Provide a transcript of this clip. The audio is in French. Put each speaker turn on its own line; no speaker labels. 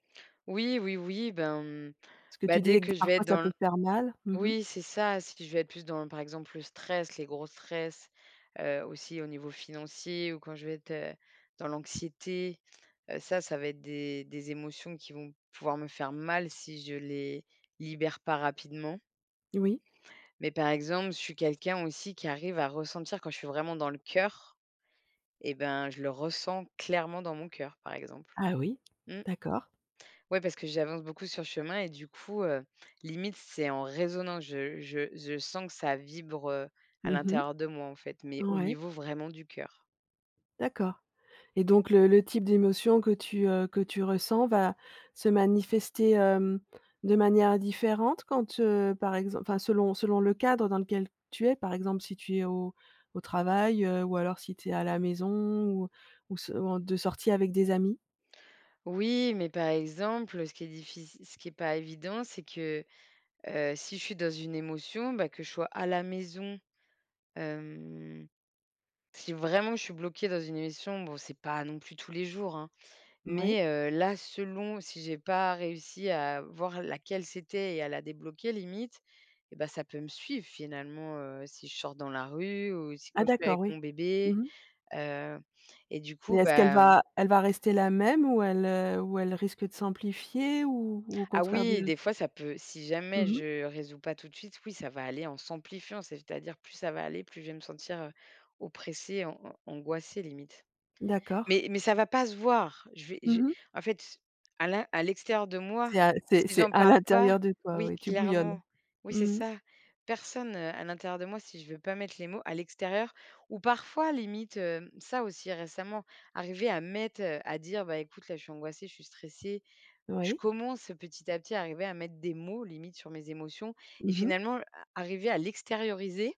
Oui, oui, oui. Ben, mmh,
Parce que
bah,
tu disais
dès
que d
que je vais
parfois,
être
ça
dans
peut
l
faire mal. Mmh mh.
oui, c'est ça, si je vais être plus dans, par exemple, le stress, les gros stress, heu, aussi au niveau financier ou quand je vais être, heu, dans l'anxiété, heu, ça ça va être des des émotions qui vont pouvoir me faire mal si je les libère pas rapidement
Oui.
mais par exemple, je suis quelqu'un aussi qui arrive à ressentir. Quand je suis vraiment dans le cœur et ben, je le ressens clairement dans mon cœur par exemple.
Ah oui,
Mmh.
d'accord.
Ouais parce que j'avance beaucoup sur le chemin et du coup, heu, limite c'est en résonance, je je je sens que ça vibre à
Mmh mh.
l'intérieur de moi en fait, mais au
Ouais.
niveau vraiment du cœur.
D'accord et donc le le type d'émotion que tu, heu, que tu ressens va se manifester, hem, de manière différente quand, heu, par exem enfin selon selon le cadre dans lequel tu es, par exemple si tu es au au travail, heu, ou alors si tu es à la maison ou ou s en de sortie avec des amis?
Oui, mais par exemple, heu, ce qui est diffic ce qui est pas évident, c'est que, heu, si je suis dans une émotion, bah, que je sois à la maison, hem, si vraiment je suis bloquée dans une émission bon c'est pas non plus tous les jours, hein,
Mouais.
mais, heu, là selon, si j'ai pas réussi à voir laquelle c'était et à la débloquer limite et bah, ça peut me suivre finalement, heu, si je sors dans la rue ou si,
Ah
quand je suis
d'accord,
avec
oui.
mon bébé.
Mmh mh.
Heu et du
Mais
coup,
est-ce qu'elle
bah mmh
va elle va rester la même ou elle, heu, ou elle risque de s'amplifier ou, au
Ah
contraire
oui,
de
des fois ça peut si jamais
Mmh mh.
je résous pas tout de suite, oui ça va aller en s'amplifiant, c'est-à-dire plus ça va aller, plus je vais me sentir, heu, oppressée, an an angoissée limite.
D'accord.
Mais mais ça va pas se voir. Je v
Mmh
j'ai
mh.
en fait, à l'in à l'extérieur de moi,
C'est à
si
c'est c'est
j'en
à
parle pas
l'intérieur de toi,
oui
oui, tu bouillonnes.
clairement, oui c'est
Mmh mh.
ça personne, heu à l'intérieur de moi si je veux pas mettre les mots à l'extérieur ou parfois limite, hem, ça aussi récemment, arriver à mettre, heu, à dire: «Bah écoute là je suis angoissée, je suis stressée». Je
Oui.
commence petit à petit à arriver à mettre des mots, limite sur mes émotions et
Mmh mh.
finalement a arriver à l'extérioriser.